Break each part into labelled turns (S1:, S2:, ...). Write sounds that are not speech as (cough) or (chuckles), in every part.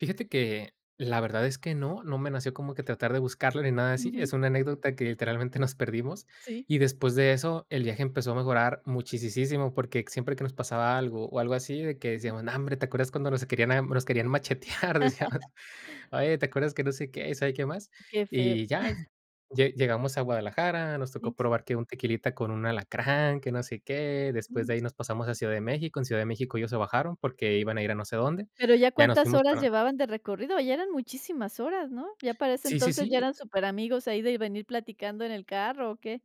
S1: Fíjate que la verdad es que no, no me nació como que tratar de buscarle, nada así. Es
S2: Ujú.
S1: una anécdota que literalmente nos perdimos,
S2: Sí.
S1: y después de eso el viaje empezó a mejorar muchisisísimo, porque siempre que nos pasaba algo, o, algo así, de que
S2: Ujú.
S1: decíamos: "Nombre, ¿te acuerdas cuando nos a querían a nos querían machetear?"Decíamos:
S2: (laughs)
S1: "Oye, ¿te acuerdas que?" no sé qué, y sabe qué más.
S2: Qué feo.
S1: Y ya,
S2: (chuckles)
S1: lle llegamos a Guadalajara, nos tocó
S2: Sí.
S1: probar que un tequilita con un alacrán, que no sé qué, después de
S2: Ujú.
S1: ahí nos pasamos a Ciudad de México. En Ciudad de México ellos se bajaron, porque iban a ir a no sé dónde,
S2: ¿Pero ya
S1: ya nos
S2: cuántas
S1: fuimos
S2: horas
S1: para
S2: llevaban de recorrido? ¿Ya eran muchísimas horas, no? ¿Ya para ese
S1: Sí, sí,
S2: entonces ya
S1: sí.
S2: eran superamigos ahí de venir platicando en el carro, o qué?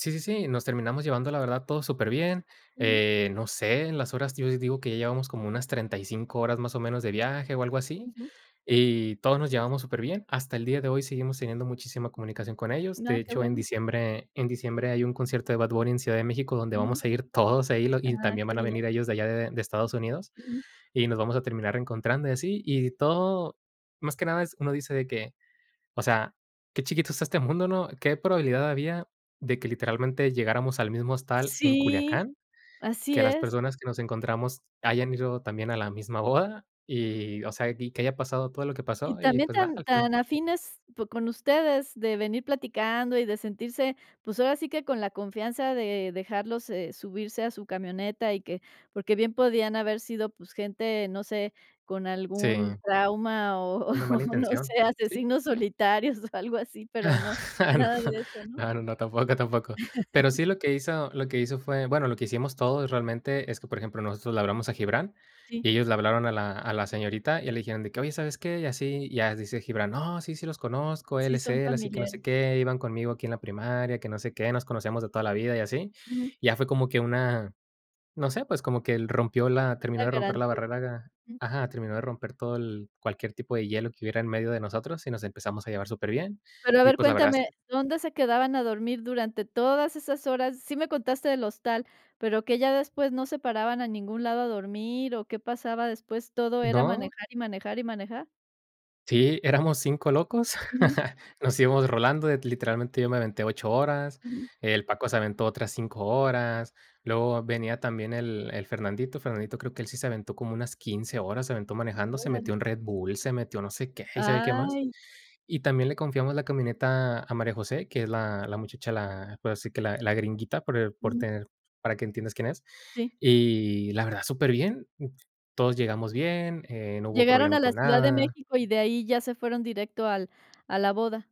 S1: Sí, sí, sí, nos terminamos llevando la verdad todo súper bien.
S2: Ujú.
S1: Eh, no sé, en las horas, yo digo que ya llevamos como unas 35 horas, más o menos, de viaje, o, algo así,
S2: Ujú.
S1: y todos nos llevamos superbién. Hasta el día de hoy seguimos teniendo muchísima comunicación con ellos.
S2: N
S1: De
S2: ah, que
S1: hecho en
S2: bueno.
S1: diciembre en diciembre hay un concierto de Bad Bunny en Ciudad de México donde
S2: Ujú.
S1: vamos a ir todos ahí lo y
S2: Ah,
S1: también
S2: que
S1: van a
S2: bien.
S1: venir ellos de allá de de Estados Unidos,
S2: Ujú.
S1: y nos vamos a terminar encontrando, y así. Y todo más que nada es, uno dice de que, o sea, qué chiquito es este mundo, ¿no? ¿Qué probabilidad había de que literalmente llegáramos al mismo hostal en
S2: Sí,
S1: Culiacán?
S2: así
S1: Que las
S2: es.
S1: personas que nos encontramos hayan ido también a la misma boda y, o sea, y que haya pasado todo lo que
S2: Y
S1: pasó y,
S2: también
S1: pues, nada,
S2: tan
S1: al final.
S2: tan afines po con ustedes de venir platicando y de sentirse, pues, ahora sí que con la confianza de dejarlo, eh, subirse a su camioneta, y que porque bien podían haber sido, pues, gente, no sé, con algún
S1: Sí.
S2: trauma o
S1: Con la mala
S2: o, no
S1: intención,
S2: sé,
S1: ¿sí?
S2: asesinos solitarios, o, algo así, pero no, nada
S1: (chuckles)
S2: de eso, ¿no?
S1: No, no, no, tampoco, tampoco. Pero
S2: (laughs)
S1: sí lo que hizo lo que hizo fue bueno, lo que hicimos todos realmente es que, por ejemplo, nosotros le hablamos a Gibrán,
S2: Sí.
S1: y ellos le hablaron a la a la señorita, y ya le dijeron de que: "Oye, ¿sabes qué? Y así." Y ya dice Gibrán: "No, sí, sí los conozco, él
S2: Sí,
S1: es
S2: son
S1: él, así que no sé
S2: familiares.
S1: qué, iban conmigo aquí en la primaria, que no sé qué, nos conocíamos de toda la vida y así".
S2: Ujú.
S1: Ya fue como que una no sé, pues, como que el rompió la terminó
S2: La
S1: de romper la
S2: garantía.
S1: barrera ga
S2: Mm.
S1: ajá, terminó de romper todo el cualquier tipo de hielo que hubiera en medio de nosotros, y nos empezamos a llevar súper bien.
S2: Pero, a
S1: Y
S2: ver,
S1: pues, la verdad es
S2: cuéntame,
S1: que
S2: ¿dónde se quedaban a dormir durante todas esas horas? Sí me contaste del hostal, pero que ya después ¿no se paraban a ningún lado a dormir, o, qué pasaba después, todo era
S1: ¿No?
S2: manejar, y manejar, y manejar?
S1: Sí, éramos 5 locos.
S2: Ujú.
S1: (chuckles) Nos íbamos rolando, l literalmente yo me aventé 8 horas,
S2: Ujú.
S1: el Paco se aventó otras 5 horas, luego venía también el el Fernandito, Fernandito creo que él sí se aventó como unas 15 horas, se aventó
S2: Mm,
S1: manejando, se metió
S2: órale.
S1: un Red Bull, se metió no sé qué, y sabe qué más.
S2: Ay.
S1: Y también le confiamos la camioneta a María José, que es la la muchacha, la puedo decir que la la gringuita por el por
S2: Ujú.
S1: tener para que entiendas quién es.
S2: Sí.
S1: Y la verdad súper bien, todos llegamos bien, eh, no hubo
S2: Llegaron
S1: problema
S2: a la
S1: con
S2: Ciudad de
S1: nada.
S2: México, y de ahí ya se fueron directo al a la boda.